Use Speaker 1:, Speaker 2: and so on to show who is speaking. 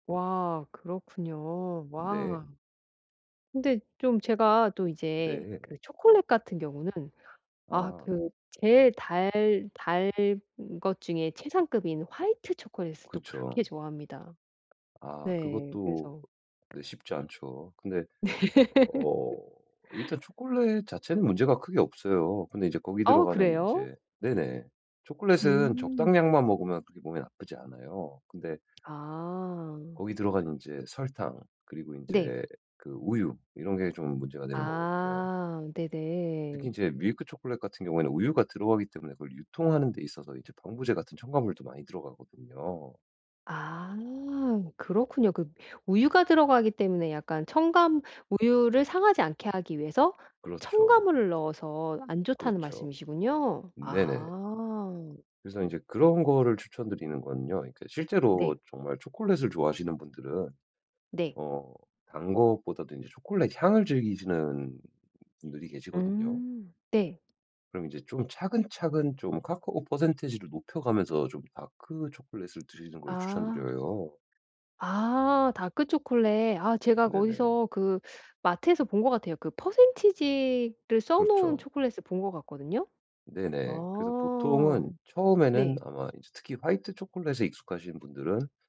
Speaker 1: 와. 그렇군요.
Speaker 2: 네.
Speaker 1: 와. 근데 좀 제가 또 이제
Speaker 2: 네.
Speaker 1: 그 초콜릿 같은 경우는 아
Speaker 2: 아.
Speaker 1: 그 제일 달 달 단 것 중에 최상급인 화이트 초콜릿을 또 그렇게
Speaker 2: 그쵸.
Speaker 1: 좋아합니다.
Speaker 2: 아.
Speaker 1: 네.
Speaker 2: 그것도
Speaker 1: 그래서
Speaker 2: 네 쉽지 않죠. 근데 어 일단 초콜릿 자체는 문제가 크게 없어요. 근데 이제 거기
Speaker 1: 어
Speaker 2: 들어가는
Speaker 1: 그래요?
Speaker 2: 인제 네네. 초콜릿은
Speaker 1: 음.
Speaker 2: 적당량만 먹으면 그렇게 몸에 나쁘지 않아요. 근데
Speaker 1: 아.
Speaker 2: 거기 들어가는 인제 설탕 그리고
Speaker 1: 네.
Speaker 2: 인제 그 우유 이런 게 좀 문제가 되는 거거든요.
Speaker 1: 아.
Speaker 2: 특히
Speaker 1: 네네.
Speaker 2: 인제 밀크 초콜릿 같은 경우에는 우유가 들어가기 때문에 그걸 유통하는 데 있어서 이제 방부제 같은 첨가물도 많이 들어가거든요.
Speaker 1: 아. 그렇군요. 그 우유가 들어가기 때문에 약간 첨가 우유를 상하지 않게 하기 위해서
Speaker 2: 그렇죠.
Speaker 1: 첨가물을 넣어서 안 좋다는
Speaker 2: 그렇죠.
Speaker 1: 말씀이시군요.
Speaker 2: 네네.
Speaker 1: 아.
Speaker 2: 그래서 인제 그런 거를 추천 드리는 건요 그러니까 실제로
Speaker 1: 네.
Speaker 2: 정말 초콜릿을 좋아하시는 분들은
Speaker 1: 네.
Speaker 2: 어 단 것보다도 인제 초콜릿 향을 즐기시는 분들이 계시거든요.
Speaker 1: 음. 네.
Speaker 2: 그럼 이제 좀 차근차근 좀 카카오 퍼센티지를 높여 가면서 좀 다크 초콜릿을 드시는 걸 추천
Speaker 1: 아.
Speaker 2: 드려요.
Speaker 1: 아. 다크 초콜릿. 아 제가
Speaker 2: 네네.
Speaker 1: 거기서 그 마트에서 본 것 같아요. 그 퍼센티지를 써 놓은
Speaker 2: 그렇죠.
Speaker 1: 초콜릿을 본 것 같거든요.
Speaker 2: 네네. 그래서
Speaker 1: 아.
Speaker 2: 보통은 처음에는
Speaker 1: 네.
Speaker 2: 아마 이제 특히 화이트 초콜릿에 익숙하신 분들은